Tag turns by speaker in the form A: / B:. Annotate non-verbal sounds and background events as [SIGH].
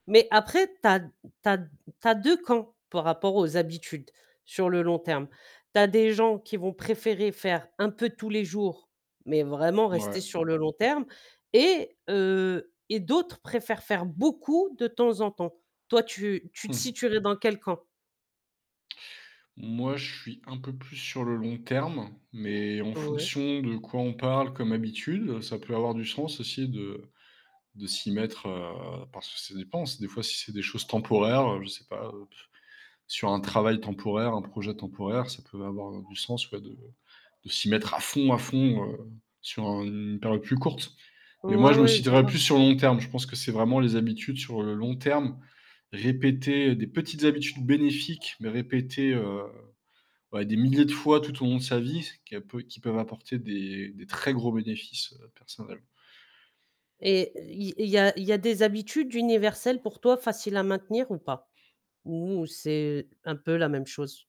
A: Mais après, tu as tu as tu as 2 camps par rapport aux habitudes, sur le long terme. Tu as des gens qui vont préférer faire un peu tous les jours, mais vraiment rester
B: Mouais.
A: sur le long terme et heu et d'autres préfèrent faire beaucoup de temps en temps. Toi tu tu te
B: Mmh.
A: situerais dans quel camp?
B: Moi, je suis un peu plus sur le long terme, mais en
A: Ouais
B: fonction de quoi on parle comme habitudes, ça peut avoir du sens aussi de de s'y mettre, heu, parce que ça dépend. C'est des fois, si c'est des choses temporaires, heu, je sais pas heu, [BLOWS AIR] sur un travail temporaire, un projet temporaire, ça peut avoir, heu, du sens, ouais, de de s'y mettre à fond, à fond, heu, sur une période plus courte. Mais moi,
A: Ouais,
B: je me
A: ouais. Je
B: situerais
A: vois.
B: plus sur le long terme. Je pense que c'est vraiment les habitudes, sur le long terme, répétées, des petites habitudes bénéfiques, mais répétées, heu, ouais des milliers de fois tout au long de sa vie, c'est qui peut qui peuvent apporter des des très gros bénéfices personnels.
A: Et il il y a il y a des habitudes universelles pour toi faciles à maintenir ou pas? Ou c'est un peu la même chose?